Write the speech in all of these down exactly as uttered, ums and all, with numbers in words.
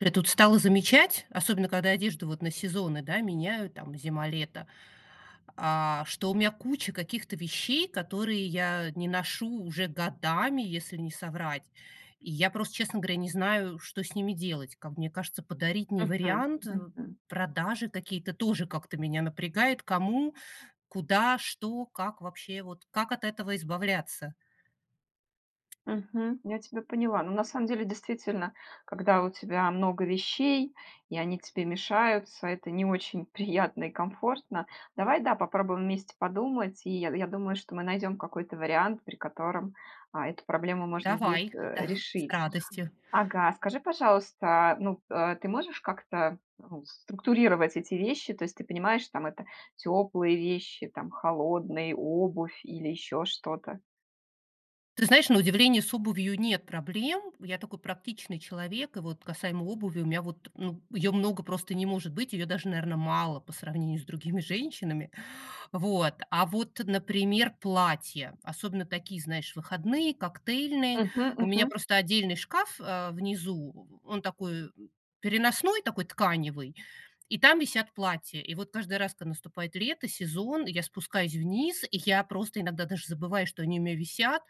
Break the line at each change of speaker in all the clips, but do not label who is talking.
Ре Тут стала замечать, особенно когда одежду вот на сезоны, да, меняю, там, зима-лето, а, что у мя куча каких-то вещей, которые я не ношу уже годами, если не соврать. И я просто, честно говоря, не знаю, что с ними делать. Как мне кажется, подарить- не
Мгм.
вариант, э.
Мгм.
Продажи какие-то- тоже как-то меня напрягает. Кому? Куда? Что? Как вообще? Вот как от этого избавляться?
Мгм, я тебя поняла. Ну, на самом деле, действительно, когда у тебя много вещей и они тебе мешаются- это не очень приятно и комфортно. Давай, да, попробуем вместе подумать, и я, я думаю, что мы найдем какой-то вариант, при котором, а, эту проблему можно будет,
Давай,
э,
да, с
решить.
радостью.
Ага, скажи пожалуйста, ну, э, ты можешь как-то, ну, структурировать эти вещи? То есть ты понимаешь, там это: теплые вещи, там холодные, обувь или еще что-то?
Ты знаешь, на удивление, с обувью нет проблем. Я такой практичный человек. И вот касаемо обуви у меня вот, ну, ее много просто не может быть, ее даже, наверно, мало по сравнению с другими женщинами. Вот, а вот, например, платья. Особенно такие, знаешь, выходные, коктейльные.
Мгм,
У меня
мгм.
просто отдельный шкаф, а, внизу. Он такой, э, переносной, такой тканевый, и там висят платья. И вот каждый раз, когда наступает лето, сезон, я спускаюсь вниз, и я просто иногда даже забываю, что они у меня висят.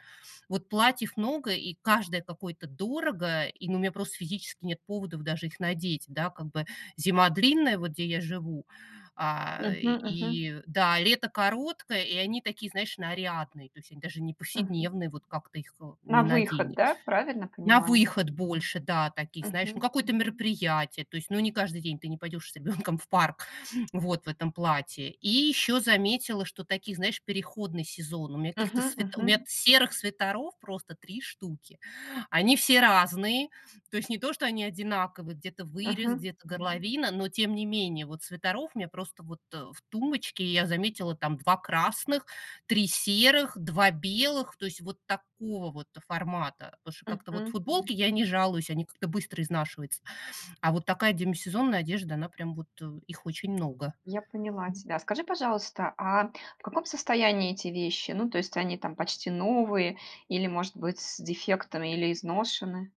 Вот платьев много, и каждое какое-то дорого, и, ну, у меня просто физически нет поводов даже их надеть, да. Как бы зима длинная, вот где я живу, а,
Мгм, мгм.
и, да, и лето короткое, и они такие, знаешь, нарядные. То есть они даже не
Мгм.
повседневные, вот как-то их-то
На
не
выход, да?
наденешь.
Правильно
На
понимаю?
выход больше, да, такие, знаешь, на
Мгм.
какое-то мероприятие. То есть, ну, не каждый день, ты не пойдешь с ребенком в парк, вот, в этом платье. И ещё заметила, что такие, знаешь, переходный сезон. У меня каких-то
Мгм,
свит у
мгм.
меня серых свитеров просто три штуки. Они все разные. То есть не то, что они одинаковые- где-то вырез,
Мгм.
где-то горловина- но, тем не менее, вот свитеров мне просто вот, э, в тумбочке. Я заметила, там два красных, три серых, два белых, то есть вот такого вот, э, формата. пашу как-то вот.
Мгм.
Футболки- я не жалуюсь, они как-то быстро изнашиваются, а вот такая демисезонная одежда, она прям вот, э, их очень много.
Я поняла
М.
тебя. А скажи, пожалуйста, а в каком состоянии эти вещи? Ну, то есть они там почти новые или, может быть, с дефектами или изношены?